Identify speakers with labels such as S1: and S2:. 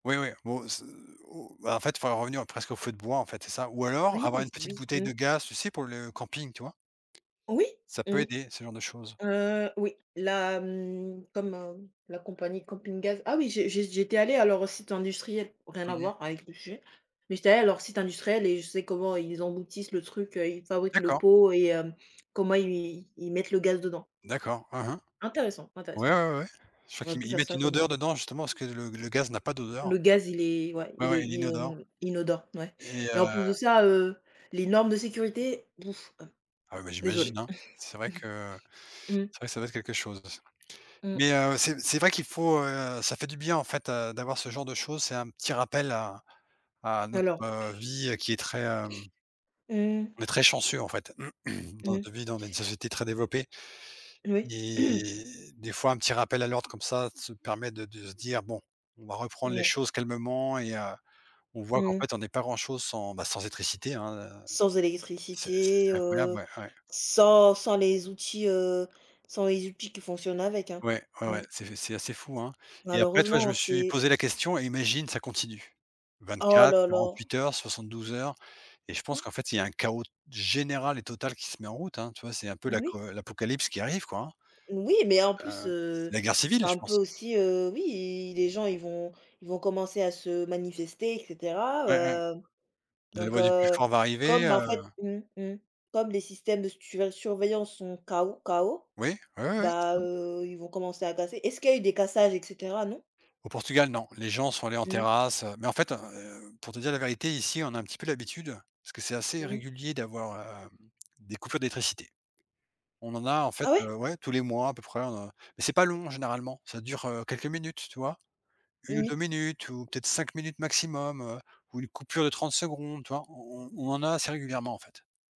S1: Oui, oui, bon se ou bah en fait, faudrait revenir presque au feu de bois, en fait, c'est ça. Ou alors,
S2: Oui
S1: avoir une
S2: s
S1: petite
S2: oui,
S1: bouteille
S2: mmh.
S1: de gaz, tu sais, pour le, camping, tu vois?
S2: Oui,
S1: Ça
S2: mmh.
S1: peut aider, ce genre de choses.
S2: Heu, oui. La mmh, comme, heu, la compagnie de Camping Gaz. Ah oui, j'ai j'ai j'étais allée à leur site industriel. Rien à
S1: Mmh mh.
S2: voir, avec le sujet. Mais j'étais allée à leur site industriel et je sais comment ils emboutissent le truc, heu, ils fabriquent le
S1: D'accord!
S2: pot et hem, comment i ils ils mettent le gaz dedans
S1: D'accord. Mmh mh.
S2: Intéressant, intéressant.
S1: Ouais, ouais, ouais. Je crois
S2: J'aurais
S1: qu'ils
S2: pu
S1: ils
S2: faire
S1: mettent
S2: ça
S1: une
S2: comme
S1: odeur
S2: métier.
S1: dedans justement, parce que le le gaz n'a pas d'odeur.
S2: Le gaz, il est ouais.
S1: Ouais
S2: Il est
S1: ouais, il
S2: il
S1: est inodore.
S2: inon inodore, ouais.
S1: Et heu
S2: Et en plus de ça, heu, les normes de sécurité? Bouf, heu.
S1: Ah bah,
S2: Désolée.
S1: j'imagine, hein. C'est vrai que
S2: Mmh.
S1: c'est vrai que ça doit être quelque chose.
S2: Mmh.
S1: Mais, heu, c'est c'est vrai qu'il faut, heu ça fait du bien en fait, heu, d'avoir ce genre de choses. C'est un petit rappel à à notre,
S2: Alors
S1: heu, vie qui est très, hem
S2: Heu
S1: on est très chanceux, en fait. Dans
S2: Mmh.
S1: notre vie, dans une société très développée
S2: Oui.
S1: et des fois un petit rappel à l'ordre comme ça, se permet de de se dire: «Bon. On va reprendre les
S2: Non.
S1: choses calmement», et heu, on voit qu'en
S2: Mmh mh.
S1: fait, on n'est pas grand-chose sans, bah sans électricité, hein. Heu,
S2: Sans
S1: c'est c'est
S2: électricité,
S1: c'est incroyable,
S2: heu,
S1: mais ouais.
S2: sans sans les outils, heu, sans les outils qui fonctionnent avec, hein.
S1: Ouais, ouais,
S2: Mmh.
S1: ouais. C'est c'est assez fou, hein? Et après, tu vois? Je
S2: Malheureusement
S1: me suis
S2: c'est
S1: posé la question: «Et imagine, ça continue?» vingt
S2: Oh
S1: quatre,
S2: là là.
S1: 48 heures, 72 heures? Et je
S2: Mmh?
S1: pense qu'en fait, il y a un chaos, t général et total qui se met en route, hein. Tu vois, c'est un peu
S2: Oui?
S1: l'aco l'apocalypse qui arrive quoi, hein.
S2: Oui mais en plus,
S1: Heu,
S2: heu,
S1: c'est la guerre
S2: c'est
S1: civile, je
S2: un peu
S1: pense.
S2: aussi, heu oui, les gens ils vont ils vont commencer à se manifester et cetera.
S1: Ouais, ouais.
S2: Heu,
S1: La
S2: donc
S1: loi du plus
S2: heu,
S1: fort va arriver,
S2: comme, bah en
S1: heu
S2: fait mmh, mmh. Comme les systèmes de suré surveillance sont KO. KO
S1: Oui. Oui, oui, oui. C'est
S2: bah,
S1: ça.
S2: heu, ils vont commencer à casser. Est-ce qu'il a eu des cassages et cetera, non?
S1: Au Portugal, non. Les gens sont allés en
S2: Mmh.
S1: terrasse, heu. Mais en fait, heu, pour te dire la vérité, ici, on a un petit peu l'habitude. Parce que c'est assez
S2: Mmh.
S1: régulier d'avoir, heu, des coupures d'électricité. On en a, en fait
S2: Ah ouais?
S1: heu, ouais, tous les mois, à peu près, on a mais c'est pas long, hein, généralement. Ça dure, heu, quelques minutes, tu vois? 1 ou 2
S2: Oui.
S1: minutes, ou peut-être 5 minutes maximum, heu, ou une coupure de 30 secondes, tu vois? On on on en a assez régulièrement, en fait.